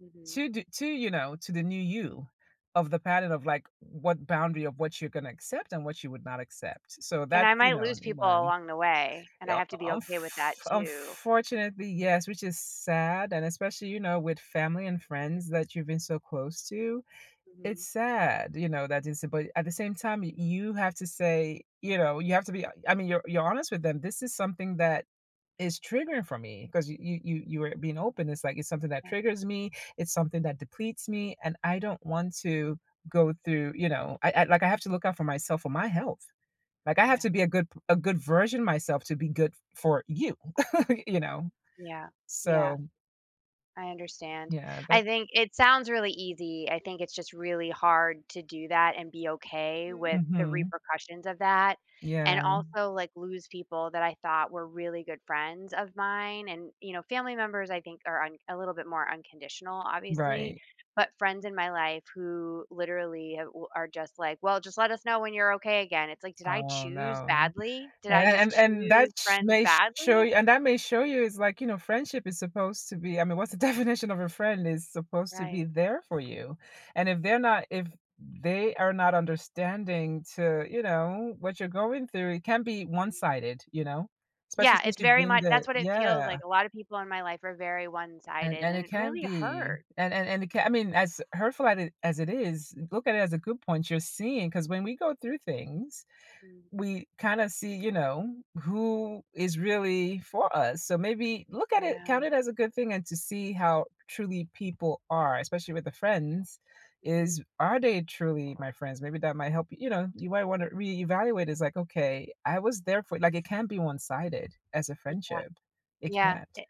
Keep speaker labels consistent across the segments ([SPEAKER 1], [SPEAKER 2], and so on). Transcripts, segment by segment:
[SPEAKER 1] Mhm.
[SPEAKER 2] To do to, you know, to the new you of the pattern of, like, what boundary of what you're gonna accept and what you would not accept, so
[SPEAKER 1] And
[SPEAKER 2] that,
[SPEAKER 1] I
[SPEAKER 2] you
[SPEAKER 1] might
[SPEAKER 2] know,
[SPEAKER 1] lose
[SPEAKER 2] in
[SPEAKER 1] people
[SPEAKER 2] mind.
[SPEAKER 1] along the way, and I
[SPEAKER 2] Yep,
[SPEAKER 1] have to be
[SPEAKER 2] unf
[SPEAKER 1] okay with that too.
[SPEAKER 2] unfortunately yes, which is sad, and especially, you know, with family and friends that you've been so close to, it's
[SPEAKER 1] Mhm.
[SPEAKER 2] sad, you know, that it's but at the same time, y you have to say, you know, you have to be I mean, you're you're honest with them, this is something that is triggering for me 'cause you you you were being open, it's like, it's something that
[SPEAKER 1] Yeah.
[SPEAKER 2] triggers me, it's something that depletes me, and I don't want to go through, you know, I I, like, I have to look out for myself for my health. Like, I have
[SPEAKER 1] Yeah.
[SPEAKER 2] to be a good p a good version of myself to be good f for you, y you know?
[SPEAKER 1] Yeah, yeah,
[SPEAKER 2] So
[SPEAKER 1] I understand,
[SPEAKER 2] Yeah, that
[SPEAKER 1] I think it sounds really easy, I think it's just really hard to do that and be okay with the
[SPEAKER 2] Mhm.
[SPEAKER 1] repercussions of that,
[SPEAKER 2] Yeah.
[SPEAKER 1] and also, like, lose people that I thought were really good friends of mine and, you know, family members I think are un a little bit more unconditional, obviously,
[SPEAKER 2] Right.
[SPEAKER 1] but friends in my life who literally ha are just like, "Well, just let us know when you're okay again," it's like, "Did I
[SPEAKER 2] Oh
[SPEAKER 1] choose
[SPEAKER 2] no,
[SPEAKER 1] badly, did
[SPEAKER 2] a
[SPEAKER 1] I just
[SPEAKER 2] an and that
[SPEAKER 1] choose
[SPEAKER 2] sh
[SPEAKER 1] friends
[SPEAKER 2] may show
[SPEAKER 1] badly?"
[SPEAKER 2] y and that may show you it's like, you know, friendship is supposed to be I mean, what's the definition of a friend is supposed to be
[SPEAKER 1] Right.
[SPEAKER 2] there for you, and if they're not if they are not understanding to, you know, what you're going through, it can be
[SPEAKER 1] Mm.
[SPEAKER 2] one-sided, you know, especially
[SPEAKER 1] Yeah,
[SPEAKER 2] since
[SPEAKER 1] it's
[SPEAKER 2] you've
[SPEAKER 1] very
[SPEAKER 2] been
[SPEAKER 1] much
[SPEAKER 2] the
[SPEAKER 1] that's what it feels like,
[SPEAKER 2] yeah.
[SPEAKER 1] a lotta people in my life are very
[SPEAKER 2] An
[SPEAKER 1] one-sided,
[SPEAKER 2] and
[SPEAKER 1] and
[SPEAKER 2] it
[SPEAKER 1] it
[SPEAKER 2] can
[SPEAKER 1] really
[SPEAKER 2] be
[SPEAKER 1] hurt.
[SPEAKER 2] an an and it can, I mean, as hurtful at as it is, look at it as a good point you're seeing, 'cause when we go through things,
[SPEAKER 1] Mm.
[SPEAKER 2] we kinda see, you know, who is really for us, so maybe look at it
[SPEAKER 1] Yeah.
[SPEAKER 2] count it as a good thing and to see how truly people are especially with the friends
[SPEAKER 1] Mhm.
[SPEAKER 2] is, are they truly my friends, maybe that might help, you know, you might want to reevaluate it's like, "Okay, I was there for" Like, it can't be one-sided as a
[SPEAKER 1] Yeah,
[SPEAKER 2] friendship. It
[SPEAKER 1] yeah,
[SPEAKER 2] can't.
[SPEAKER 1] i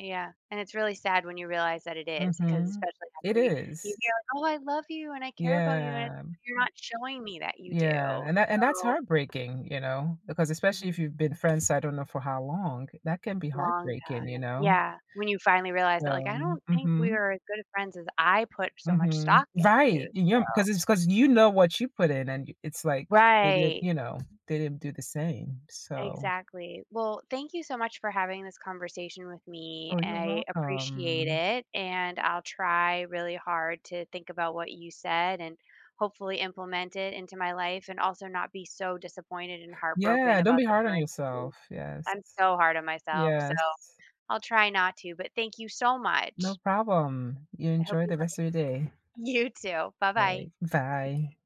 [SPEAKER 1] yeah, and it's really sad when you realize that it is 'cause
[SPEAKER 2] Mhm,
[SPEAKER 1] especially after
[SPEAKER 2] it
[SPEAKER 1] y you
[SPEAKER 2] is.
[SPEAKER 1] hear, "Oh, I love you, and I care about you." and it's,
[SPEAKER 2] Yeah,
[SPEAKER 1] like, "You're not showing me that you
[SPEAKER 2] yeah,
[SPEAKER 1] do,"
[SPEAKER 2] and that and that's
[SPEAKER 1] so
[SPEAKER 2] heartbreaking, you know, because especially if
[SPEAKER 1] Mhm.
[SPEAKER 2] you've been friends, s I don't know for how long, that can be
[SPEAKER 1] Long
[SPEAKER 2] heartbreaking, you
[SPEAKER 1] time,
[SPEAKER 2] know?
[SPEAKER 1] yeah, when you finally realize
[SPEAKER 2] So
[SPEAKER 1] that, like, "I don't think we
[SPEAKER 2] mhm.
[SPEAKER 1] are as good friends as I put
[SPEAKER 2] w
[SPEAKER 1] so much
[SPEAKER 2] Mhm,
[SPEAKER 1] stock
[SPEAKER 2] right,
[SPEAKER 1] into,"
[SPEAKER 2] you're
[SPEAKER 1] so
[SPEAKER 2] 'cause it's 'cause you know what you put in and y it's like, they didn't
[SPEAKER 1] Right.
[SPEAKER 2] you know, they didn't do the same, so
[SPEAKER 1] Exactly, well, thank you so much for having this conversation with me,
[SPEAKER 2] Oh, you're
[SPEAKER 1] I appreciate
[SPEAKER 2] welcome.
[SPEAKER 1] it, and I'll try really hard to think about what you said, and hopefully implement it into my life, and also not be so disappointed and heartbroken
[SPEAKER 2] Yeah, don't
[SPEAKER 1] about
[SPEAKER 2] be
[SPEAKER 1] the
[SPEAKER 2] hard on
[SPEAKER 1] current situation.
[SPEAKER 2] yourself, yes.
[SPEAKER 1] I'm so hard on myself, so
[SPEAKER 2] Yes.
[SPEAKER 1] I'll try not to, but thank you so
[SPEAKER 2] No
[SPEAKER 1] much.
[SPEAKER 2] problem, you
[SPEAKER 1] I hope
[SPEAKER 2] enjoy
[SPEAKER 1] you
[SPEAKER 2] the
[SPEAKER 1] have a
[SPEAKER 2] rest of your day.
[SPEAKER 1] you too, bye-bye.
[SPEAKER 2] Right, bye.